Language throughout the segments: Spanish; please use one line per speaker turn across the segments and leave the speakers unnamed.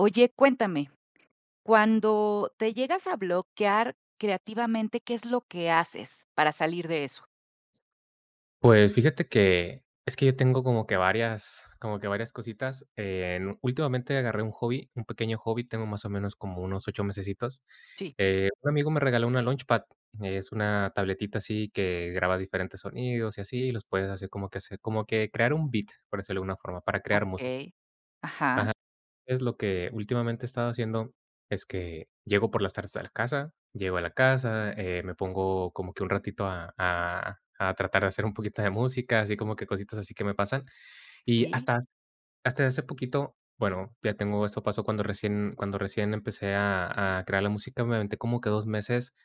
Oye, cuéntame, cuando te llegas a bloquear creativamente, ¿qué es lo que haces para salir de eso?
Pues, fíjate que es que yo tengo como que varias como que varias cositas. Eh, últimamente, agarré un hobby, un pequeño hobby, tengo más o menos como unos 8 mesecitos.
Sí.
Eh, un amigo me regaló una launchpad, es una tabletita así que graba diferentes sonidos y así, y los puedes hacer como que se como que crear un beat, por decirlo de alguna forma, para crear música.
Okey, ajá.
Ajá, es lo que últimamente he estado haciendo, es que llego por las tardes a la casa, llego a la casa, eh, me pongo como que un ratito a a a tratar de hacer un poquito de música, así como que cositas así que me pasan. Y
Sí.
hasta hasta hace poquito bueno, ya tengo eso pasó cuando recién cuando recién empecé a a crear la música, me aventé como que 2 meses,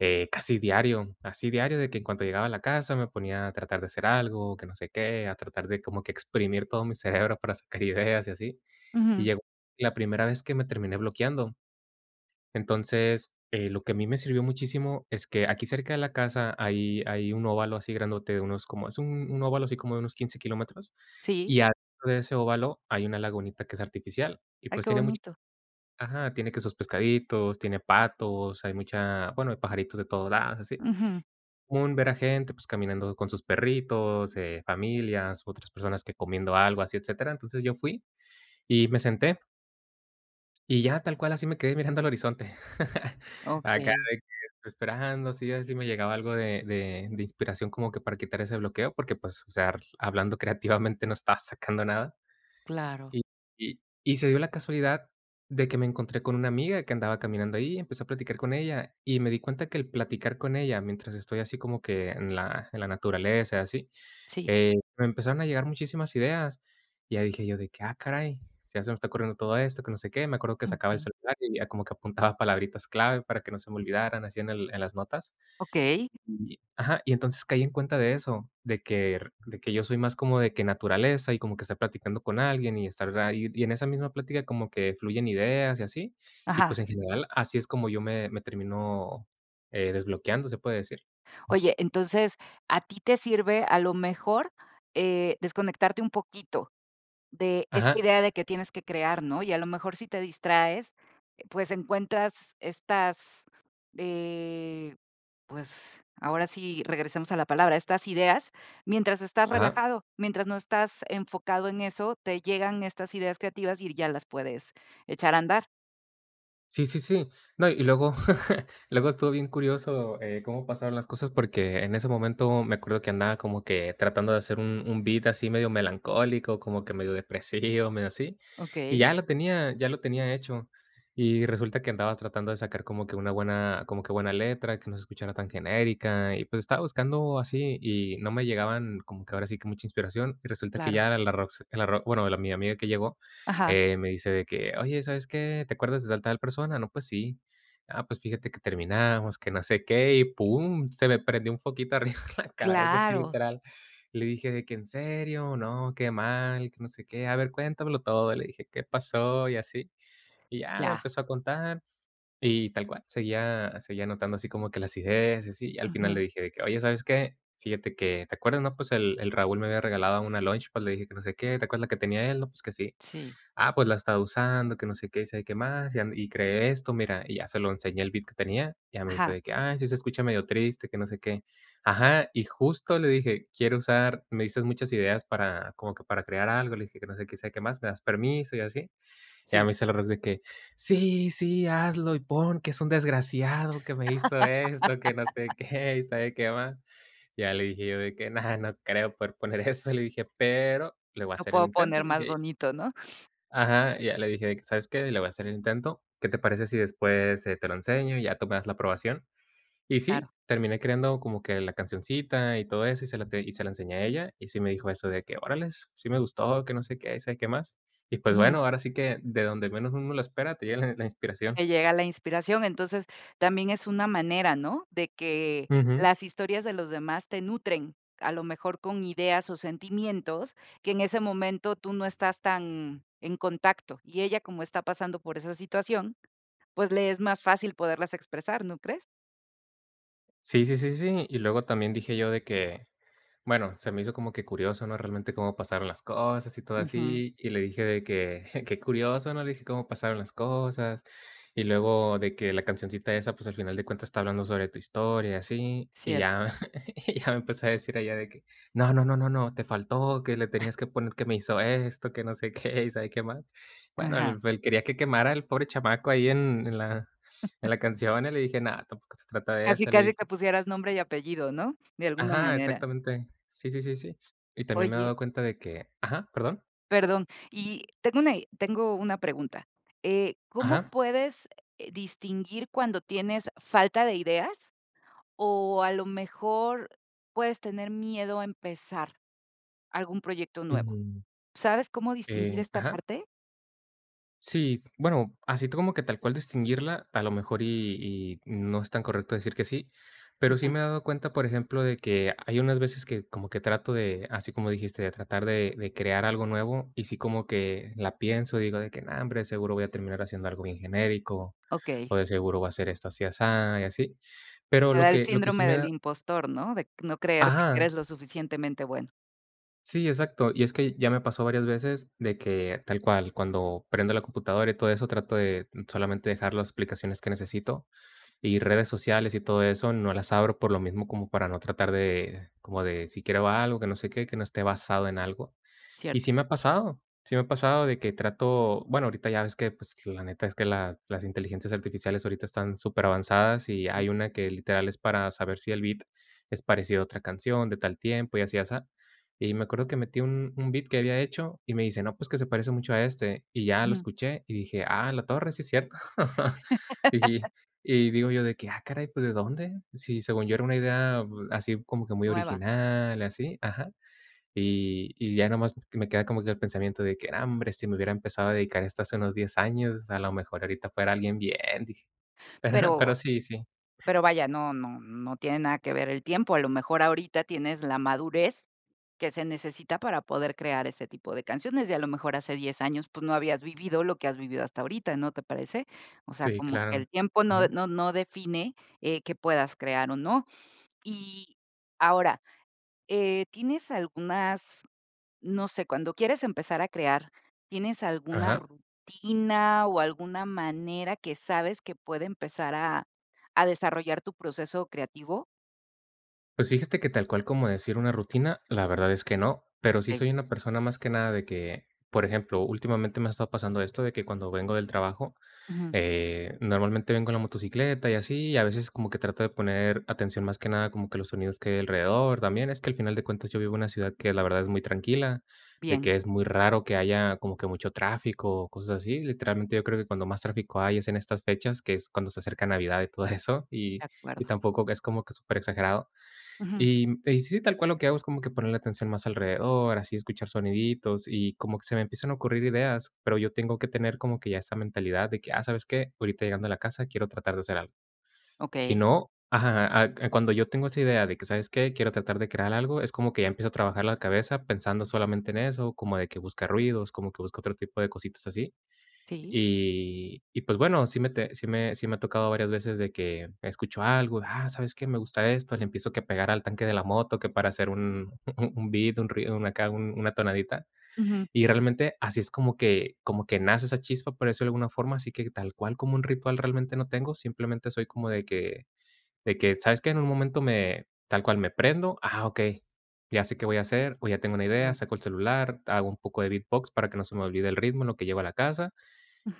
eh, casi diario. Así diario, de que en cuanto llegaba a la casa me ponía a tratar de hacer algo, que no sé qué, a tratar de como que exprimir todo mi cerebro para sacar ideas y así. Y
Ujú.
llegó la primera vez que me terminé bloqueando. Entonces, eh, lo que a mí me sirvió muchísimo es que aquí cerca de la casa hay hay un óvalo así grandote de unos como es un un óvalo así como de unos 15 kilómetros
Sí.
y al lado de ese óvalo, hay una lagunita que es artificial y,
Ay,
pues,
que
tiene mucha
bonito.
ajá, tiene que sus pescaditos, tiene patos, hay mucha bueno, hay pajaritos de todos lados, así.
Ujú.
Un ver a gente, pues caminando con sus perritos, eh, familias, otras personas que comiendo algo así, etcétera. Entonces, yo fui y me senté. Y ya, tal cual, así me quedé mirando al horizonte. Acá
Okey.
de que estoy esperando, sí así me llegaba algo de de de inspiración como que para quitar ese bloqueo, porque, pues, o sea ar hablando creativamente no estaba sacando nada.
Claro.
Y y y se dio la casualidad de que me encontré con una amiga que andaba caminando ahí, empecé a platicar con ella, y me di cuenta que el platicar con ella, mientras estoy así como que en la en la naturaleza, así,
Sí.
eh, me empezaron a llegar muchísimas ideas. Y ya dije yo de que: "Ah, caray, sí, ya se me está ocurriendo todo esto, que no sé qué". Me acuerdo que sacaba el
Ujú.
celular y ya como que apuntaba palabritas clave para que no se me olvidaran así en el en las notas.
Okey.
Y y y ajá. Y entonces, caí en cuenta de eso, de quer de que yo soy más como de que naturaleza y como que está platicando con alguien, y estar ahí, y en esa misma plática, como que fluyen ideas y así. Y,
Ajá.
pues, en general así es como yo me me termino, eh, desbloqueando, se puede decir. Mm.
Oye, entonces, a ti te sirve, a lo mejor, eh, desconectarte un poquito de esta
Ajá.
idea de que tienes que crear, ¿no? Y a lo mejor, si te distraes, pues, encuentras estas, eh, pues, ahora sí, regresamos a la palabra, estas ideas, mientras estás
Ajá.
relajado, mientras no estás enfocado en eso, te llegan estas ideas creativas y r ya las puedes echar a andar.
Sí, sí, sí. No, y luego, luego estuvo bien curioso, eh, cómo pasaron las cosas, porque en ese momento me acuerdo que andaba como que tratando de hacer un un beat así medio melancólico, como que medio depresivo, medio así, y
Okey.
ya lo tenía ya lo tenía hecho. Y resulta que andabas tratando de sacar como que una buena como que buena letra, que no se escuchara tan genérica, y pues, estaba buscando así y no me llegaban, como que ahora sí, que mucha inspiración. Y resulta que
Claro.
ya era la Rox, eh, la ro bueno, la mi amiga que llegó,
Ajá.
eh, me dice de que: "Oye, ¿sabes qué? ¿Te acuerdas de al tal persona?". "No, pues sí". "Ah, pues fíjate que terminamos, que no sé qué", y pum, se me prendió un foquito arriba en la cabeza, así
Claro.
literal. Y le dije de que: "¿En serio? No, qué mal, que no sé qué. A ver, cuéntamelo todo". Le dije: "¿Qué pasó?", y así. Y ya me
Ya.
empezó a contar, y tal cual seguía seguía anotando así como que las ideas y así, al final
Ujú.
le dije de que: "Oye, ¿sabes qué? Fíjate que, ¿te acuerdas, no? Pues, el el Raúl me había regalado una launchpad", le dije que: "No sé qué. ¿Te acuerdas la que tenía él?". "No, pues, que sí".
Sí.
"Ah, pues, la he estado usando, que no sé qué, y sabe qué más, y, am, y creé esto, mira", y ya se lo enseñé, el beat que tenía. Ya me dijo
Ajá.
de que: "Ay, sí se escucha medio triste, que no sé qué". Ajá, y justo le dije: "Quiero usar me diste muchas ideas para como que para crear algo", le dije: "Que no sé qué, que sabe qué más, ¿me das permiso?". Y así. Y ya
Sí.
me dice la Rox de que: "Sí, sí, hazlo y pon que es un desgraciado que me hizo esto, que no sé qué, y sabe qué más". Ya le dije yo de que: "No, no creo poder poner eso", le dije. "Pero le voy a
Lo
hacer el
puedo
intento",
poner más
dije.
bonito, ¿no?
Ajá. Y ya le dije de que: "¿Sabes qué? Le voy a hacer el intento. ¿Qué te parece si después, eh, te lo enseño y ya tú me das la aprobación?". Y
Claro.
sí, terminé creando como que la cancioncita y todo eso y se la te y se la enseñé a ella. Y sí me dijo eso de que: "Órales, sí me gustó, que no sé qué, sabe qué más". Y pues bueno,
Ujú.
ahora sí que de donde menos uno lo espera, te llega la la inspiración.
Te llega la inspiración, entonces, también es una manera, ¿no?, de que
Ujú.
las historias de los demás te nutren, a lo mejor con ideas o sentimientos, que en ese momento tú no estás tan en contacto, y ella como está pasando por esa situación, pues le es más fácil poderlas expresar, ¿no crees?
Sí, sí, sí, sí, y luego también dije yo de que, bueno, se me hizo como que curioso, ¿no?, realmente cómo pasaron las cosas y todo
Ujú.
así, y le dije de que: "Qué curioso, ¿no?", le dije, "cómo pasaron las cosas", y luego de que la cancioncita esa, pues, al final de cuentas está hablando sobre tu historia y así, y
Cier
ya y ya me empezó a decir ella, de que: "No, no, no, no, te faltó, que le
Ay.
tenías que poner que me hizo esto, que no sé qué y sabe qué más". Bueno,
Ajá.
el el quería que quemara al pobre chamaco ahí en en la en la canción, y le dije: "No, tampoco se trata de
Casi,
eso", le
casi
dije.
te pusieras nombre y apellido, ¿no?, de alguna
Ajá,
manera.
exactamente. Sí, sí, sí, sí. Y también me he
Oye.
dado cuenta de que Ajá, ¿perdón?
Perdón. Y tengo i tengo una pregunta, eh, ¿cómo
Ajá.
puedes, eh, distinguir cuando tienes falta de ideas O a lo mejor puedes tener miedo a empezar algún proyecto nuevo?
Mm.
¿Sabes cómo distinguir
Eh,
esta
ajá.
parte?
Sí, bueno, así como que tal cual distinguirla, a lo mejor y y no es tan correcto decir que sí. Pero sí
Ujú.
me he dado cuenta, por ejemplo, de que hay unas veces que como que trato de, así como dijiste, de tratar de de crear algo nuevo, y sí como que la pienso y digo de que: "No, hombre, de seguro voy a terminar haciendo algo bien genérico,
Okey.
o de seguro va a ser esto así asá", y así. Pero
Te
lo
da el
que lo que sí
síndrome
me
del
da
impostor, ¿no? De c no creerte que
Ajá.
eres lo suficientemente bueno.
Sí, exacto. Y es que ya me pasó varias veces de que, tal cual, cuando prendo la computadora y todo eso, trato de solamente dejar las aplicaciones que necesito. Y redes sociales y todo eso, no las abro, por lo mismo, como para no tratar de, como de si quiero ver algo, que no sé qué, que no esté basado en algo. Y
Cierto.
sí me ha pasado sí me ha pasado de que trato, bueno, ahorita ya ves que, pues, la neta es que la las inteligencias artificiales ahorita están superavanzadas, y
Sí.
hay una que, literal, es para saber si el beat es parecido a otra canción, de tal tiempo, y así y asá. Y me acuerdo que metí un un beat que había hecho y me dice: "No, pues, que se parece mucho a este". Y ya lo escuché y dije: "A la torre, sí es cierto". Y y digo yo de que: "Ah caray, pues, ¿de dónde?". Sí, según yo, era una idea así como que muy
Nueva.
original, y así Ajá. Y y ya nada más me queda como que el pensamiento de que: "No, hombre, si me hubiera empezado a dedicar a esto hace unos 10 años, a lo mejor ahorita fuera alguien bien", dije. Pero pero
Pero
sí, sí.
pero vaya, no no no tiene nada que ver el tiempo, a lo mejor, ahorita tienes la madurez que se necesita para poder crear ese tipo de canciones, y a lo mejor hace 10 años, pues, no habías vivido lo que has vivido hasta ahorita, ¿no te parece?, o sea,
Si,
como que
claro.
el tiempo no de
Ujú.
no no define, eh, qué puedas crear o no. Y ahora, eh, ¿tienes algunas? No sé, cuando quieres empezar a crear, ¿tienes alguna
Ajá.
rutina o alguna manera que sabes que puede empezar a a desarrollar tu proceso creativo?
Pues, fíjate que tal cual como decir una rutina, la verdad es que no, pero sí
Okey.
soy una persona más que nada de que, por ejemplo, últimamente me ha estado pasando esto de que cuando vengo del trabajo,
Ujú.
eh, normalmente vengo en la motocicleta y así, y a veces como que trato de poner atención más que nada como que a los sonidos que hay alrededor también. Es que al final de cuentas yo vivo en una ciudad que la verdad es muy tranquila, de
Bien.
que es muy raro que haya como que mucho tráfico o cosas así. Literalmente, yo creo que cuando más tráfico hay es en estas fechas, que es cuando se acerca Navidad y todo eso. Y
De
y
acuerdo.
tampoco que es como que superexagerado,
Ujú.
y, mm, sí, tal cual lo que hago es como ponerle atención más alrededor, así escuchar soniditos y como que se me empiezan a ocurrir ideas, pero yo tengo que tener como que ya esa mentalidad de que: "Ah, ¿sabes qué?, ahorita llegando a la casa quiero tratar de hacer algo". Si
Okey.
no, ajá, ah, cuando yo tengo esa idea de que: "¿Sabes qué?, quiero tratar de crear algo", es como que ya empiezo a trabajar la cabeza pensando solamente en eso, como de que busca ruidos, como que busco otro tipo de cositas así.
Sí.
Y y pues, bueno, sí me te sí me sí me ha tocado varias veces de que escucho algo: "Ah, ¿sabes qué?, me gusta esto", le empiezo que pegar al tanque de la moto, que para hacer un un beat, un ruido, una acá, una tonadita.
Ujú.
Y realmente, así es como que como que nace esa chispa, por decirlo de alguna forma. Así que tal cual como un ritual realmente, no tengo, simplemente soy como de que de que, ¿sabes qué?, en un momento me tal cual me prendo, "ah, okey", ya sé qué voy a hacer, o ya tengo una idea,
Mm.
saco el celular, hago un poco de beatbox para que no se me olvide el ritmo en lo que llego a la casa,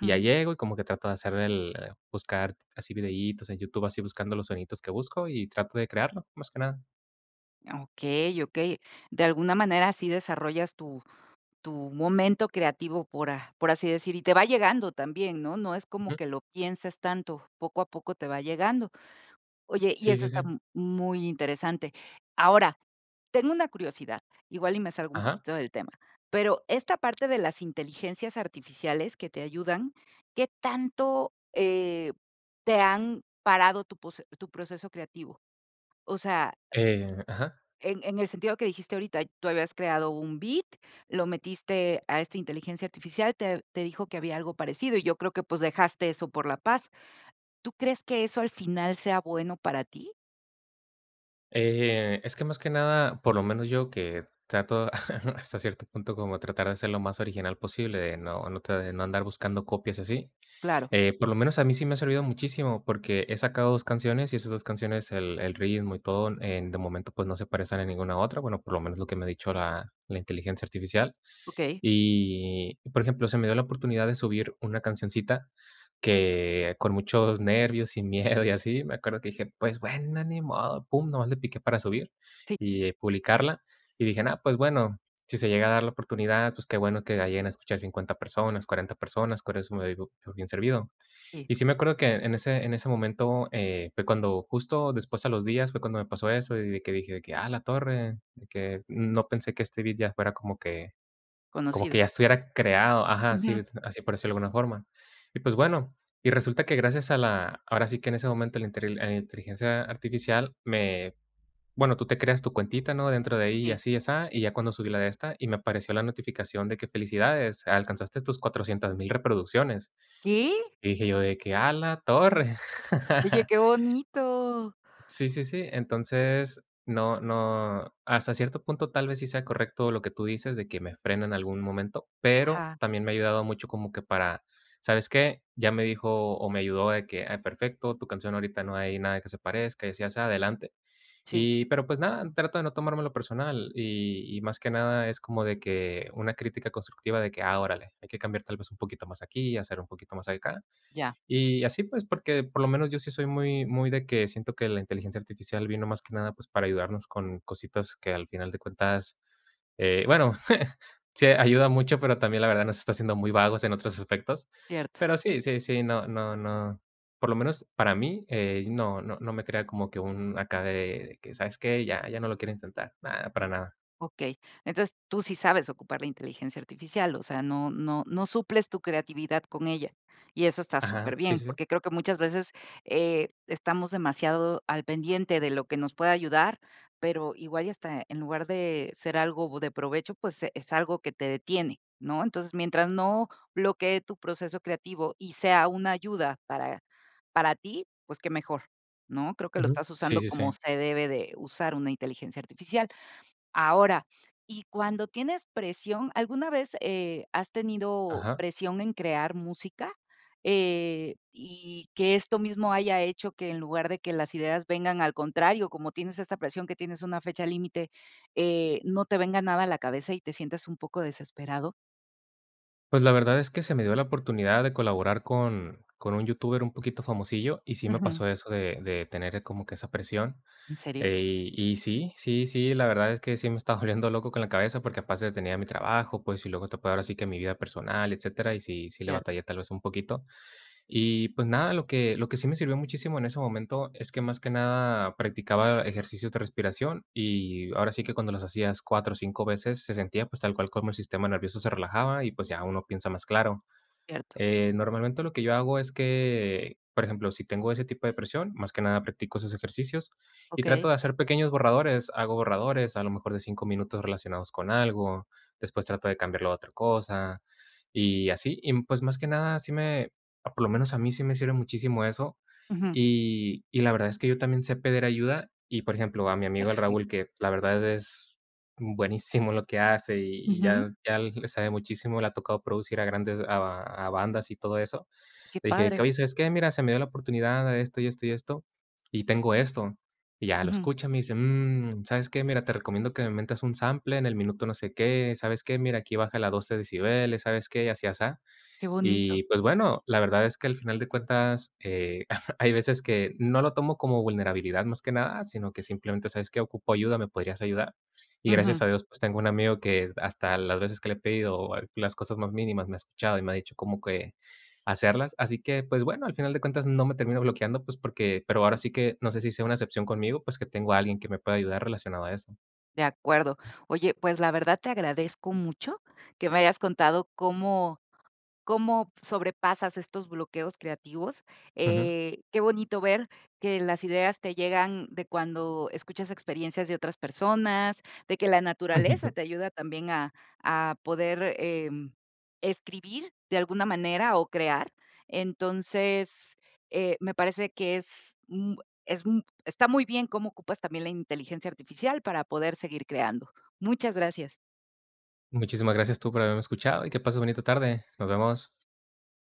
y ya llego, y como que trato de hacer el el buscar así videítos en YouTube, así buscando los soniditos que busco y trato de crearlo, más que nada.
Okey, okey, de alguna manera sí desarrollas tu tu momento creativo, por a por así decir, y te va llegando también, ¿no?, no es como
Ujú.
que lo pienses tanto, poco a poco te va llegando. Oye, y
Sí,
eso
sí,
está
sí.
m muy interesante. Ahora, tengo una curiosidad, igual y me salgo un
Ajá.
poquito del tema, pero esta parte de las inteligencias artificiales que te ayudan, ¿qué tanto, eh, te han parado tu pose tu proceso creativo? O sea
Eh ajá.
en en el sentido que dijiste ahorita, tú habías creado un beat, lo metiste a esta inteligencia artificial, te te dijo que había algo parecido, y yo creo que, pues, dejaste eso por la paz. ¿Tú crees que eso al final sea bueno para ti?
Eh, es que más que nada por lo menos yo, que trato hasta cierto punto como tratar de ser lo más original posible, de no no te no andar buscando copias y así.
Claro.
Eh, por lo menos, a mí sí me ha servido muchísimo, porque he sacado 2 canciones, y esas 2 canciones, el el ritmo y todo en de momento, pues, no se parecen a ninguna otra. Bueno, por lo menos lo que me ha dicho la la inteligencia artificial.
Okey.
Y por ejemplo, se me dio la oportunidad de subir una cancioncita que con muchos nervios y miedo y así me acuerdo que dije: "Pues bueno, ni modo", pum nada más le piqué para subir
Sí.
y publicarla, y dije: "Nah, pues, bueno, si se llega a dar la oportunidad, pues, qué bueno que la lleguen a escuchar 50 personas, 40 personas, con eso me doy po por bien servido".
Sí.
Y sí me acuerdo que en ese en ese momento, eh, fue cuando justo después a los días fue cuando me pasó eso, y de que dije de que: "A la torre", de que no pensé que este beat ya fuera como que como que
Conocido.
ya estuviera creado Ajá, sí,
Ujú.
así por decirlo de alguna forma. Y pues, bueno y resulta que gracias a la ahora sí que en ese momento a la interil eh, inteligencia artificial me bueno, tú te creas tu cuentita, ¿no?, dentro de ahí, y
Sí.
así y asá, y ya cuando subí la de esta, y me apareció la notificación de que: "Felicidades, alcanzaste tus 400,000 reproducciones,
¿Qué?
y dije yo de que: "A la torre".
Oye, qué bonito.
Sí, sí, sí. Entonces no no hasta cierto punto tal vez sí sea correcto lo que tú dices de que me frene en algún momento, pero
Ajá.
también me ha ayudado mucho como que para ¿sabes qué?, ya me dijo o me ayudó de que: "Ay, perfecto, tu canción ahorita no hay nada que se parezca, y así y asá, adelante".
Sí.
Y pero, pues, nada, trato de no tomármelo personal, y y más que nada es como de que una crítica constructiva de que: "Ah, órale, hay que cambiar tal vez un poquito más aquí y hacer un poquito más acá".
Ya.
Y así, pues, porque por lo menos yo sí soy muy muy de que siento que la inteligencia artificial vino más que nada, pues, para ayudarnos con cositas que al final de cuentas, eh bueno, sí ayuda mucho, pero también la verdad nos está haciendo muy vagos en otros aspectos,
Cierto.
pero sí, sí, sí, no no no por lo menos para mí, eh, no no no me crea como que un acá de de que: "¿Sabes qué?, ya ya no lo quiero intentar", na, para nada.
Okey. Entonces, tú sí sabes ocupar la inteligencia artificial. O sea, no no no suples tu creatividad con ella, y eso está
Ajá, sí,
superbién,
sí, sí.
porque creo que muchas veces, eh, estamos demasiado al pendiente de lo que nos puede ayudar, pero igual y hasta en lugar de ser algo de provecho, pues, es algo que te detiene, ¿no? Entonces, mientras no bloquee tu proceso creativo y sea una ayuda para para ti, pues, qué mejor, ¿no?, creo que lo
Ujú,
estás
sí,
usando
sí,
como
sí.
se debe de usar una inteligencia artificial. Ahora, y cuando tienes presión ¿alguna vez, eh, has tenido
Ajá.
presión en crear música? Eh, y que esto mismo haya hecho que en lugar de que las ideas vengan, al contrario, como tienes esa presión que tienes una fecha límite, eh, no te venga nada a la cabeza y te sientas un poco desesperado
Pues, la verdad es que se me dio la oportunidad de colaborar con con un youtuber un poquito famosillo, y sí me
Ujú.
pasó eso de de tener como que esa presión.
¿En serio?
Eh, y sí, sí, sí, la verdad es que sí me estaba volviendo loco con la cabeza, porque aparte tenía mi trabajo, pues, y luego te puedo ahora sí que mi vida personal, etcétera, y sí sí le
Cierto.
batallé tal vez un poquito. Y pues nada, lo que lo que sí me sirvió muchísimo en ese momento es que más que nada practicaba ejercicios de respiración, y ahora sí que cuando los hacías 4 o 5 veces se sentía, pues, tal cual como el sistema nervioso se relajaba y pues ya uno piensa más claro.
Cierto.
Eh, normalmente lo que yo hago es que, por ejemplo, si tengo ese tipo de presión, más que nada practico esos ejercicios y trato
Okey.
de hacer pequeños borradores. Hago borradores a lo mejor de 5 minutos relacionados con algo, después trato de cambiarlo a otra cosa, y así. Y pues más que nada sí me, por lo menos a mí sí me sirve muchísimo eso,
Ujú.
y y la verdad es que yo también sé pedir ayuda. Y por ejemplo, a mi amigo el
Perfecto.
Raúl, que la verdad es buenísimo en lo que hace, y
Ujú.
ya ya le sabe muchísimo, le ha tocado producir a grandes a a bandas y todo eso.
Que
Le dije:
padre.
"Oye, ¿sabes qué? Mira, se me dio la oportunidad de esto y esto y esto y tengo esto". Y ya, lo
Ujú.
escucha, me dice: "Mm, ¿sabes qué? Mira, te recomiendo que me metas un sample en el minuto no sé qué. ¿Sabes qué? Mira, aquí bájale 12 decibeles, ¿sabes qué?". Y así asá.
Que bonito.
Y pues bueno, la verdad es que al final de cuentas, eh, hay veces que no lo tomo como vulnerabilidad más que nada, sino que simplemente: "¿Sabes qué? Ocupo ayuda, ¿me podrías ayudar?". Y
Ujú.
gracias a Dios, pues tengo un amigo que hasta las veces que le he pedido o a las cosas más mínimas me ha escuchado y me ha dicho cómo hacerlas. Así que, pues bueno, al final de cuentas no me termino bloqueando, pues porque pero ahora sí que no sé si sea una excepción conmigo, pues que tengo a alguien que me pueda ayudar relacionado a eso.
De acuerdo. Oye, pues, la verdad, te agradezco mucho que me hayas contado cómo cómo sobrepasas estos bloqueos creativos.
Ujú.
Eh, qué bonito ver que las ideas te llegan de cuando escuchas experiencias de otras personas, de que la naturaleza te ayuda también a a poder, em, escribir de alguna manera o crear. Entonces, eh, me parece que es un es un está muy bien cómo ocupas también la inteligencia artificial para poder seguir creando. Muchas gracias.
Muchísimas gracias tú por haberme escuchado y que pases bonita tarde. Nos vemos.